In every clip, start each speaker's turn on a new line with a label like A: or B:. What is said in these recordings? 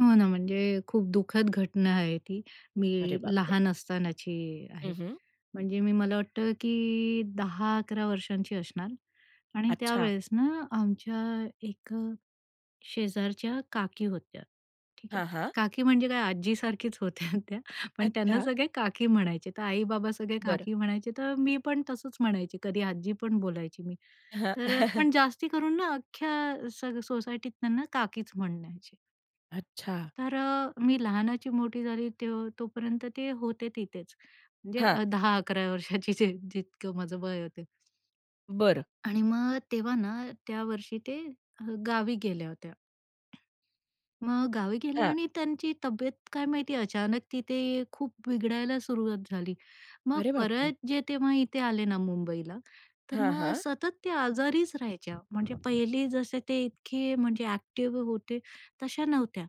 A: हो ना, म्हणजे खूप दुःखद घटना आहे ती.
B: अरे
A: मी
B: बापरे!
A: लहान असतानाची
B: हं,
A: आहे.
B: हं.
A: म्हणजे मी मला वाटतं, की 10-11 वर्षांची असणार आणि
B: अच्छा.
A: त्यावेळेस ना आमच्या एक शेजारच्या काकी होत्या, ठीक आहे.
B: हां, हां.
A: काकी म्हणजे काय आजीसारखीच होत्या त्या. पण अ, त्यांना
B: अच्छा.
A: सगळे काकी म्हणायचे तर आई-बाबा सगळे
B: बरं.
A: काकी म्हणायचे, तर मी पण तसंच म्हणायची. कधी आजी पण बोलायची मी.
B: हां.
A: तर अ, पण जास्ती करून ना अख्ख्या सग सोसायटीत त्यांना काकीच म्हणायचे.
B: अच्छा.
A: तर अ, मी लहानाची मोठी झाली ते तोपर्यंत ते होते तिथेच. म्हणजे
B: हां.
A: अ, 10-11 वर्षांची जे जितकं माझं वय होतं.
B: बरं.
A: आणि मग तेव्हा ना त्यावर्षी ते अ, गावी गेल्या होत्या. मग गावी गेले
B: हां.
A: आणि त्यांची तब्येत काय माहिती अचानक तिथे खूप बिघडायला सुरुवात झाली. मग
B: अरे बापरे!
A: परत जे तेव्हा इथे आले ना मुंबईला, तर
B: हां,
A: मग
B: हां.
A: सतत ते आजारीच राहायच्या. म्हणजे पहिले जसे ते इतके म्हणजे अ‍ॅक्टिव्ह होते तशा नव्हत्या.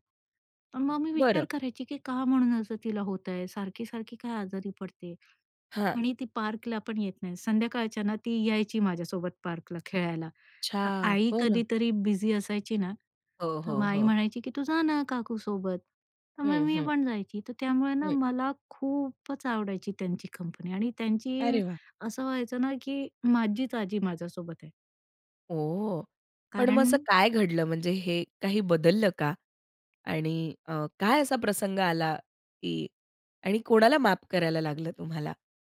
A: पण मग मी
B: बरं.
A: विचार करायची, की का म्हणून असं तिला होत आहे. सारखी-सारखी काय आजारी पडते.
B: हां.
A: आणि ती पार्कला पण येत नाही. संध्याकाळच्या ना ती यायची माझ्यासोबत पार्कला खेळायला. तर
B: अच्छा!
A: आई
B: बरं.
A: कधीतरी बिझी असायची ना,
B: हो,
A: तर मग
B: हो,
A: आई
B: हो.
A: म्हणायची, की तू जा ना काकू सोबत. तर मग
B: हं,
A: मी
B: हं.
A: पण जायची, तर त्यामुळे ना
B: हं.
A: मला खूपच आवडायची त्यांची कंपनी आणि त्यांची
B: अरे वाह!
A: असं व्हायचं ना, की माझीच आजी माझ्यासोबत आहे.
B: ओह, पण मग असं
A: कारण
B: काय घडलं म्हणजे हे काही बदललं का आणि अ, काय असा प्रसंग आला की आणि कोणाला माफ करायला लागलं तुम्हाला?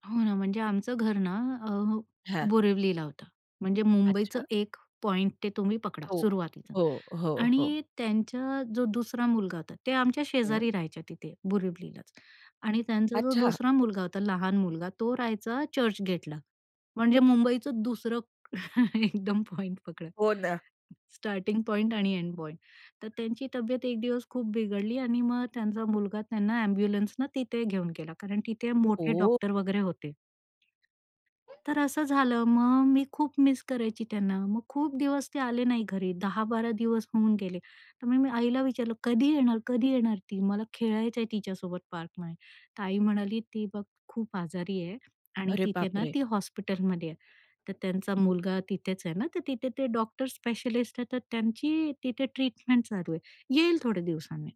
A: हो ना, म्हणजे आमचं घर ना अ,
B: हां.
A: बोरिवलीला होतं. म्हणजे मुंबईचा
B: अच्छा.
A: एक पॉइंट ते तुम्ही पकडा
B: टोक.
A: सुरुवातीचा
B: हो, हो, हो.
A: आणि त्यांचा जो दुसरा मुलगा होता ते आमच्या
B: हं.
A: शेजारी राहायच्या तिथे बोरिवलीलाच आणि त्यांचा जो
B: अच्छा.
A: दुसरा मुलगा होता, लहान मुलगा. तो राहायचा चर्च गेटला. म्हणजे मुंबईचं दुसरं एकदम पॉइंट पकडला.
B: हो ना.
A: स्टार्टिंग पॉइंट आणि एंड पॉइंट. तर त्यांची तब्येत एक दिवस खूप बिघडली आणि मग त्यांचा मुलगा त्यांना अ‍ॅम्ब्युलन्सने तिथे घेऊन गेला कारण तिथे मोठे
B: ओह!
A: डॉक्टर वगैरे होते. तर असं झालं. मग मी खूप मिस करायची त्यांना. मग खूप दिवस ते आले नाही घरी 10-12 दिवस होऊन गेले. त्यामुळे मी आईला विचारलं, "कधी येणार, कधी येणार ती, मला खेळायचंय तिच्यासोबत पार्कमध्ये?" तर आई म्हणाली, "ती बघ खूप आजारी आहे." आणि
B: अरे
A: तिथे ना
B: बापरे!
A: ती हॉस्पिटलमध्ये आहे. तर त्यांचा मुलगा तिथेच आहे ना, तर तिथे ते डॉक्टर स्पेशलिस्ट आहेत, तर त्यांची तिथे ट्रीटमेंट चालू आहे. येईल थोडे दिवसांनी.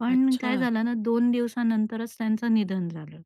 A: पण काय
B: अच्छा!
A: झालं ना 2 दिवसानंतरच त्यांचं निधन झालं.